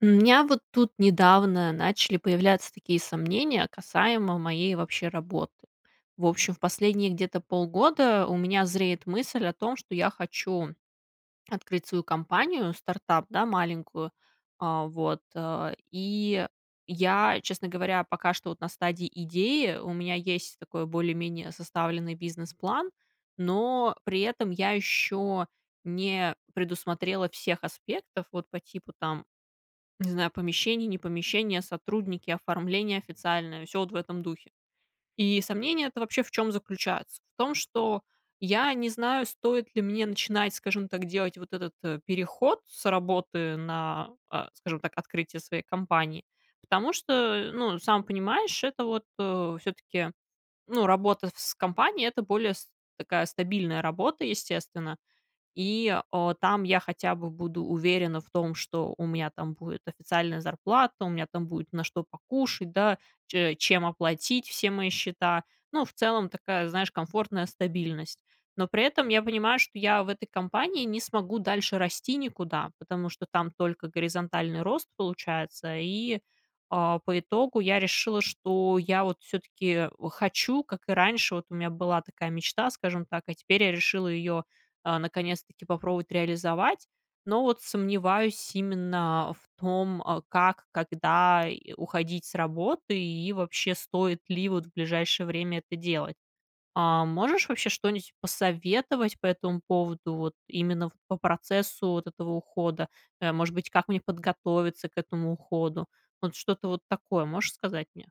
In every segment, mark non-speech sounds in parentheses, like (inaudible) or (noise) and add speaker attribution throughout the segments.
Speaker 1: М, у меня вот тут недавно начали появляться такие сомнения касаемо моей вообще работы. В общем, в последние где-то полгода, у меня зреет мысль о том, что я хочу открыть свою компанию стартап, да, маленькую. А, вот, а. И я, честно говоря, пока что вот на стадии идеи, у меня есть такой более-менее составленный бизнес-план, но при этом я еще не предусмотрела всех аспектов. Вот по типу, там, не знаю, помещение, не помещение, сотрудники, оформление официальное, всё вот в этом духе. И сомнение это вообще в чем заключается? В том, что я не знаю, стоит ли мне начинать, скажем так, делать вот этот, э, переход с работы на, а, скажем так, открытие своей компании. Потому что, э, ну, сам понимаешь, это вот, э, всё-таки, ну, работа в с компанией это более с такая стабильная работа, естественно, и, а, там я хотя бы буду уверена в том, что у меня там будет официальная зарплата, у меня там будет на что покушать, да, че чем оплатить все мои счета. Ну, в целом, такая, знаешь, комфортная стабильность. Но при этом я понимаю, что я в этой компании не смогу дальше расти никуда, потому что там только горизонтальный рост получается. И, а, по итогу, я решила, что я вот всё-таки, э, хочу, как и раньше, вот у меня была такая мечта, скажем так, а теперь я решила ее, а, наконец-таки попробовать реализовать. Но вот сомневаюсь именно в том, а, как, когда, и, э, уходить с работы, и вообще стоит ли вот в ближайшее время это делать. А. Можешь вообще что-нить посоветовать по этому поводу, вот именно в по процессу вот этого ухода, э, может быть, как мне подготовиться к этому уходу, вот что-то вот такое, можешь сказать мне?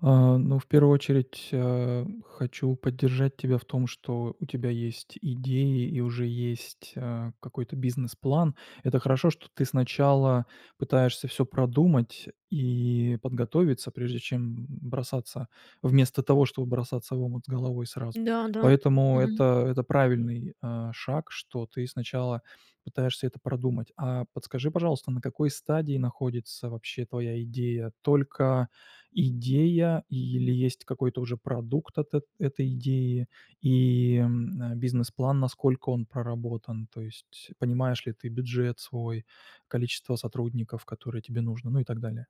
Speaker 2: А, ну в 1 очередь, а, хочу поддержать тебя в том, что у тебя есть идеи и уже есть, а, какой-то бизнес-план. Это хорошо, что ты сначала пытаешься всё продумать и подготовиться, прежде чем бросаться вместо того, чтобы бросаться в омут с головой сразу.
Speaker 1: Да, да.
Speaker 2: Поэтому
Speaker 1: Мгм.
Speaker 2: это это правильный, э, шаг, что ты сначала пытаешься это продумать. А подскажи, пожалуйста, на какой стадии находится вообще твоя идея? Только идея или есть какой-то уже продукт от эт этой идеи и, м, э, бизнес-план, насколько он проработан? То есть понимаешь ли ты бюджет свой, количество сотрудников, которое тебе нужно, ну и так далее.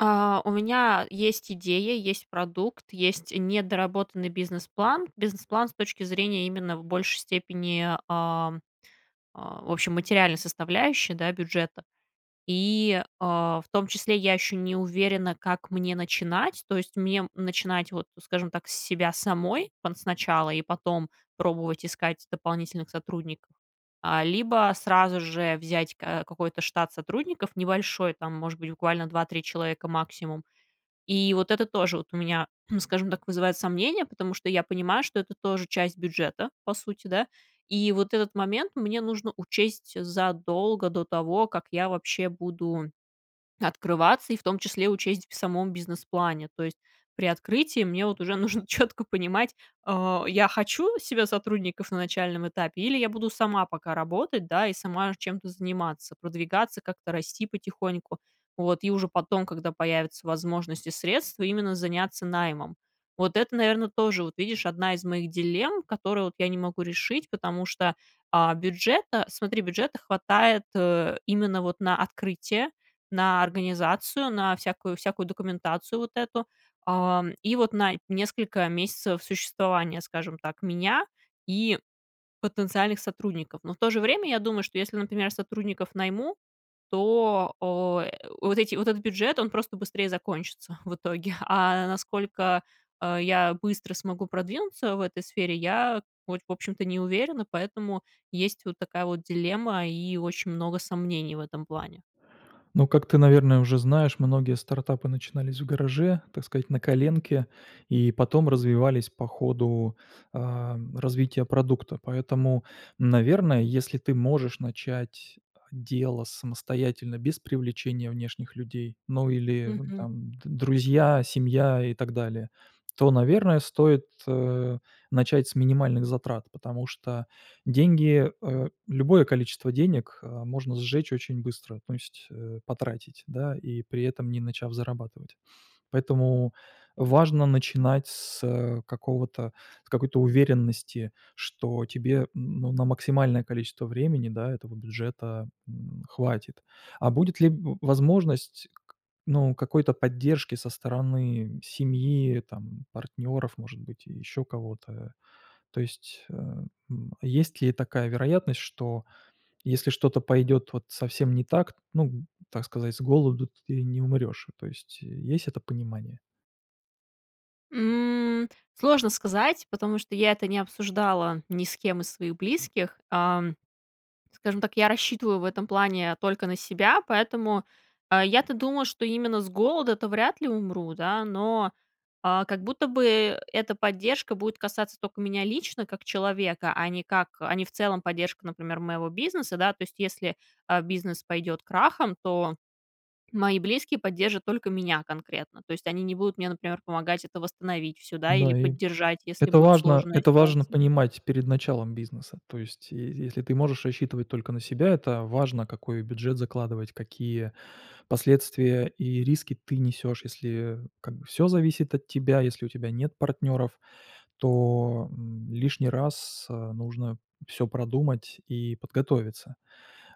Speaker 1: А, у меня есть идея, есть продукт, есть недоработанный бизнес-план, бизнес-план с точки зрения именно в большей степени, а, а, в общем материальной составляющей, да, бюджета, и, а, в том числе я еще не уверена, как мне начинать. То есть, мне начинать, вот скажем так, с себя самой пон сначала, и потом пробовать искать дополнительных сотрудников, а, либо сразу же взять, э, какой-то штат сотрудников небольшой, там, может быть, буквально 2-3 человека максимум. И вот это тоже вот у меня, (clears throat) скажем так, вызывает сомнения, потому что я понимаю, что это тоже часть бюджета, по сути, да. И вот этот момент мне нужно учесть задолго до того, как я вообще буду открываться, и в том числе учесть в самом бизнес-плане. То есть при открытии мне в от уже нужно четко понимать а, я хочу себя сотрудников на начальном этапе или я буду сама пока работать, да, и сама чем-то заниматься, продвигаться, как-то расти потихоньку, вот. И уже потом, когда появится возможность и средства именно заняться наймом. Вот это, наверное, тоже вот, видишь, одна из моих дилемм, которые вот я не могу решить, потому что, а, бюджета смотри, бюджета хватает, э, именно вот на открытие, на организацию, на всякую, всякую документацию вот эту, а, и вот на несколько месяцев существования, скажем так, меня и потенциальных сотрудников. Но в то же время, я думаю, что если, например, сотрудников найму, то, о, вот эти вот этот бюджет, он просто быстрее закончится в итоге. А насколько, а, я быстро смогу продвинуться в этой сфере, я вообщем, в общем-то, не уверена, поэтому есть вот такая вот дилемма, и очень много сомнений в этом плане.
Speaker 2: Ну, как ты, наверное, уже знаешь, многие стартапы начинались в гараже, так сказать, на коленке, и потом развивались по ходу, а, развития продукта. Поэтому, наверное, если ты можешь начать дело самостоятельно без привлечения внешних людей, ну или
Speaker 1: Мгм.
Speaker 2: там д друзья, семья и так далее, то, наверное, стоит, э, начать с минимальных затрат. Потому что деньги, а, любое количество денег, а, можно сжечь очень быстро, то есть, э, потратить, да, и при этом не начав зарабатывать. Поэтому важно начинать с, э, какого-то, с какой-то уверенности, что тебе ну на максимальное количество времени, да, этого бюджета, м, хватит. А будет ли в возможность к ну какой-то поддержки со стороны семьи, там партнеров, может быть, еще кого-то? То есть, а, м, есть ли такая вероятность, что, если что-то пойдет вот совсем не так, ну, так сказать, с голоду ты не умрешь. То есть, есть это понимание?
Speaker 1: М, сложно сказать, потому что я это не обсуждала ни с кем из своих близких, а, скажем так, я рассчитываю в этом плане только на себя, поэтому, э, я-то думаю, что именно с голода-то вряд ли умру, да. Но, а, как будто бы, э, эта поддержка будет касаться тока меня лично, как человека, а не как а не в целом поддержка, например, моего бизнеса, да. То есть, если, а, бизнес пойдет крахом, то мои близкие поддержат только меня конкретно, то есть они не будут мне, например, помогать это восстановить всё, да, или
Speaker 2: Да, и
Speaker 1: поддержать, если
Speaker 2: Это
Speaker 1: будет
Speaker 2: важно
Speaker 1: сложная
Speaker 2: это важно
Speaker 1: ситуация.
Speaker 2: понимать перед началом бизнеса. То есть и если ты можешь рассчитывать только на себя- это важно какой бюджет закладывать, какие последствия и риски ты несешь. Если как бы всё зависит от тебя, если у тебя нет партнеров, то, м, лишний раз нужно всё продумать и подготовиться.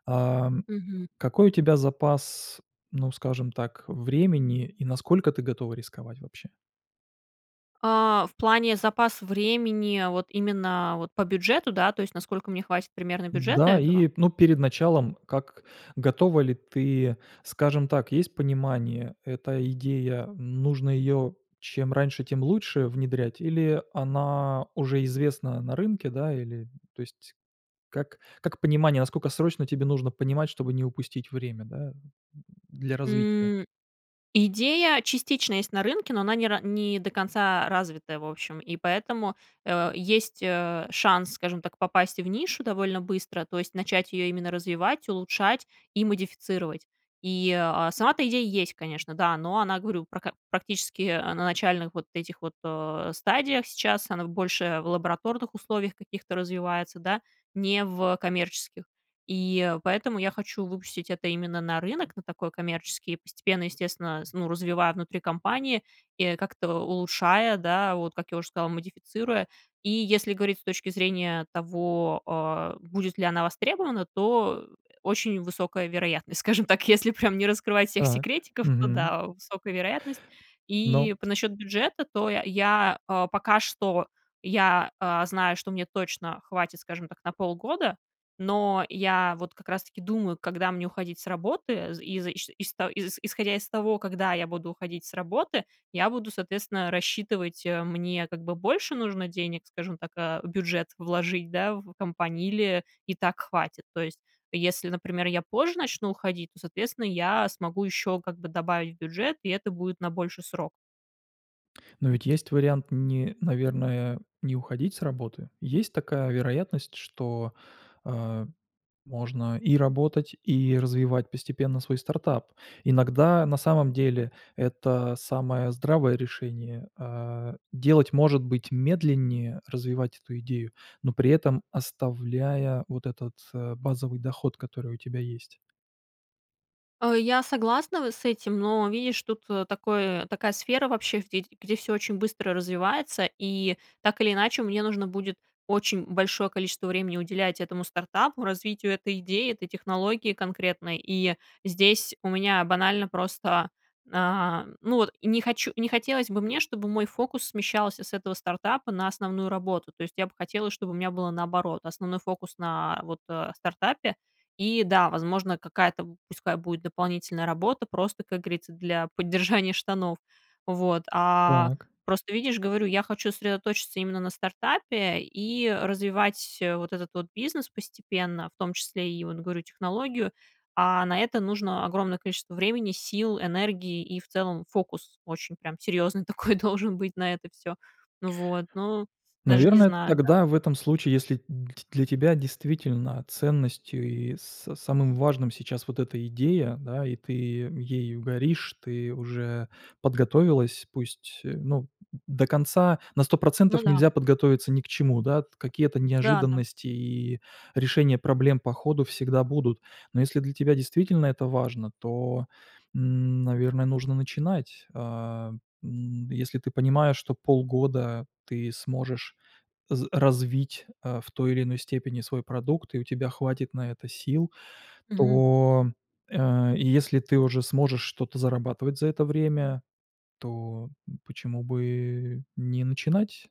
Speaker 2: А
Speaker 1: Мгм.
Speaker 2: какой у тебя запас, ну скажем так, времени и насколько ты готова рисковать вообще?
Speaker 1: А, в плане запаса времени вот именно вот по бюджету, да, то есть насколько мне хватит примерно бюджета
Speaker 2: Да,
Speaker 1: этого?
Speaker 2: и ну перед началом, как готова ли ты Скажем так, есть понимание: эта идея- нужно ее чем раньше, тем лучше внедрять или она уже известна на рынке, да? Или то есть Как как понимание, насколько срочно тебе нужно понимать, чтобы не упустить время, да, для развития?
Speaker 1: М. Идея частично есть на рынке, но она не ра не до конца развита, в общем, и поэтому, э, есть, э, шанс, скажем так, попасть в нишу довольно быстро, то есть, начать ее именно развивать, улучшать и модифицировать. И, э, сама-то идея есть, конечно, да, но она, говорю, прак практически, э, на начальных вот этих вот, э, стадиях сейчас, она больше в лабораторных условиях каких-то развивается, да, не в коммерческих. И поэтому я хочу выпустить это именно на рынок на такой коммерческий, постепенно, естественно, с ну развивая внутри компании, и как-то улучшая, да, вот как я уже сказала, модифицируя. И если говорить с точки зрения того, э, будет ли она востребована, то очень высокая вероятность, скажем так. Если прям не раскрывать всех
Speaker 2: Так.
Speaker 1: секретиков, то
Speaker 2: Мгм.
Speaker 1: да, высокая вероятность.
Speaker 2: Но
Speaker 1: И по насчет бюджета, то и я я, э, пока что я, э, знаю, что мне точно хватит, скажем так, на полгода. Но я вот как раз таки думаю, когда мне уходить с работы, из иш ишта из исходя из того, когда я буду уходить с работы, я буду, соответственно, рассчитывать, э, мне, как бы, больше нужно денег, скажем так, э, в бюджет вложить, да, в компании- или и так хватит. То есть, если, например, я позже начну уходить, то, соответственно, я смогу ещё, как бы, добавить в бюджет, и это будет на больший срок.
Speaker 2: Но ведь есть вариант, не, наверное, не уходить с работы. Есть такая вероятность, что, э, можно и работать, и развивать постепенно свой стартап. Иногда, на самом деле, это самое здравое решение, э, делать, может быть, медленнее, развивать эту идею, но при этом оставляя вот этот, э, базовый доход, который у тебя есть.
Speaker 1: Э, я согласна в с этим, но, видишь, тут, э, такое, такая сфера вообще, где ф всё очень быстро развивается и так или иначе мне нужно будет очень большое количество времени уделять этому стартапу, развитию этой идеи, этой технологии конкретной, и здесь у меня банально просто, а, ну, вот, не хочу, не хотелось бы мне, чтобы мой фокус смещался с этого стартапа на основную работу. То есть, я бы хотела, чтобы у меня было наоборот: основной фокус на, вот, а, стартапе и да, возможно, какая-то пускай будет дополнительная работа просто, как говорится, для поддержания штанов, вот, а,
Speaker 2: Так.
Speaker 1: просто, видишь, говорю, я хочу сосредоточиться именно на стартапе и развивать вот этот вот бизнес постепенно, в том числе и, вот говорю, технологию, а на это нужно огромное количество времени, сил, энергии и, в целом, фокус очень прям серьезный такой должен быть на это всё, ну вот. Ну, даже не
Speaker 2: Наверное,
Speaker 1: знаю, да.
Speaker 2: тогда в этом случае, если д для тебя действительно ценностью и с самым важным сейчас вот эта идея, да, и ты ею ею горишь, ты уже подготовилась. Пусть, э, ну, до конца на сто
Speaker 1: Ну
Speaker 2: процентов
Speaker 1: да.
Speaker 2: нельзя подготовиться ни к чему, да. Какие-то
Speaker 1: Да-да.
Speaker 2: неожиданности, и решения проблем по ходу всегда будут. Но если для тебя действительно это важно, то, м, наверное, нужно начинать. А, м. Если ты понимаешь, что полгода ты сможешь з развить, э, в той или иной степени свой продукт и у тебя хватит на это сил,
Speaker 1: Мгм.
Speaker 2: то, э, если ты уже сможешь что-то зарабатывать за это время, то почему бы не начинать?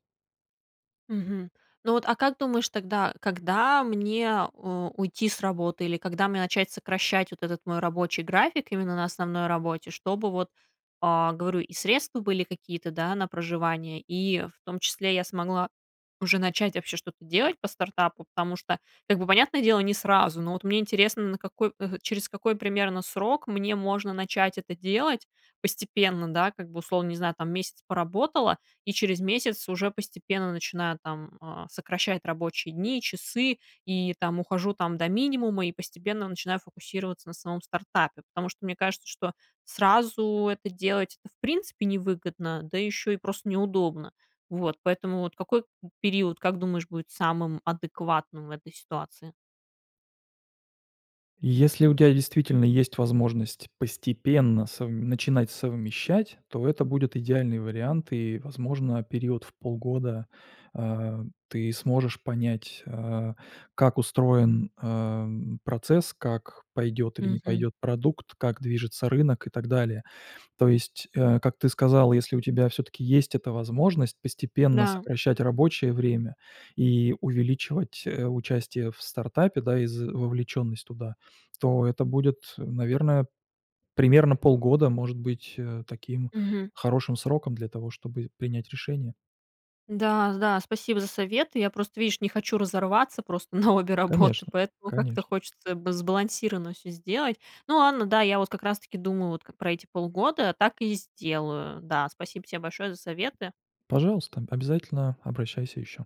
Speaker 1: Мгм. Ну вот, а как думаешь тогда, когда мне, э, уйти с работы или когда мне начать сокращать вот этот мой рабочий график, именно на основной работе. Чтобы вот, а, говорю, и средства были какие-то, да, на проживание и, в том числе, я смогла уже начать вообще что-то делать по стартапу, потому что, как бы понятное дело, не сразу, но, вот мне интересно, на какой э, через какой примерно срок мне можно начать это делать, постепенно, да, как-бы, условно, не знаю там, месяц поработала и через месяц уже постепенно начинаю там, а, сокращать рабочие дни, часы, и там ухожу там до минимума и постепенно начинаю фокусироваться на самом стартапе. Потому что, мне кажется, что сразу это делать, это в принципе, не выгодно, да еще и просто неудобно. Вот, поэтому вот какой период, как думаешь, будет самым адекватным в этой ситуации?
Speaker 2: Если у тебя действительно есть возможность постепенно совм начинать совмещать, то это будет идеальный вариант. И, возможно, период в полгода, а, ты сможешь понять, а, как устроен, э, процесс, как пойдет или не
Speaker 1: Мгм.
Speaker 2: пойдет продукт, как движется рынок и так далее. То есть, э, как ты сказал, если у тебя всё-таки есть эта возможность постепенно
Speaker 1: Да.
Speaker 2: сокращать рабочее время и увеличивать, э, участие в стартапе, да, и з вовлеченность туда, то это будет, наверное, примерно полгода, может быть, э, таким
Speaker 1: Мгм.
Speaker 2: хорошим сроком для того, чтобы принять решение.
Speaker 1: Да-да, спасибо за советы. Я просто, видишь, не хочу разорваться просто на обе работы
Speaker 2: Конечно,
Speaker 1: поэтому как-то
Speaker 2: конечно.
Speaker 1: хочется б сбалансированно всё сделать, но ладно, да, я вот как раз таки думаю вот ка про эти полгода, так и сделаю, да, спасибо тебе большое за советы.
Speaker 2: Пожалуйста, обязательно обращайся еще.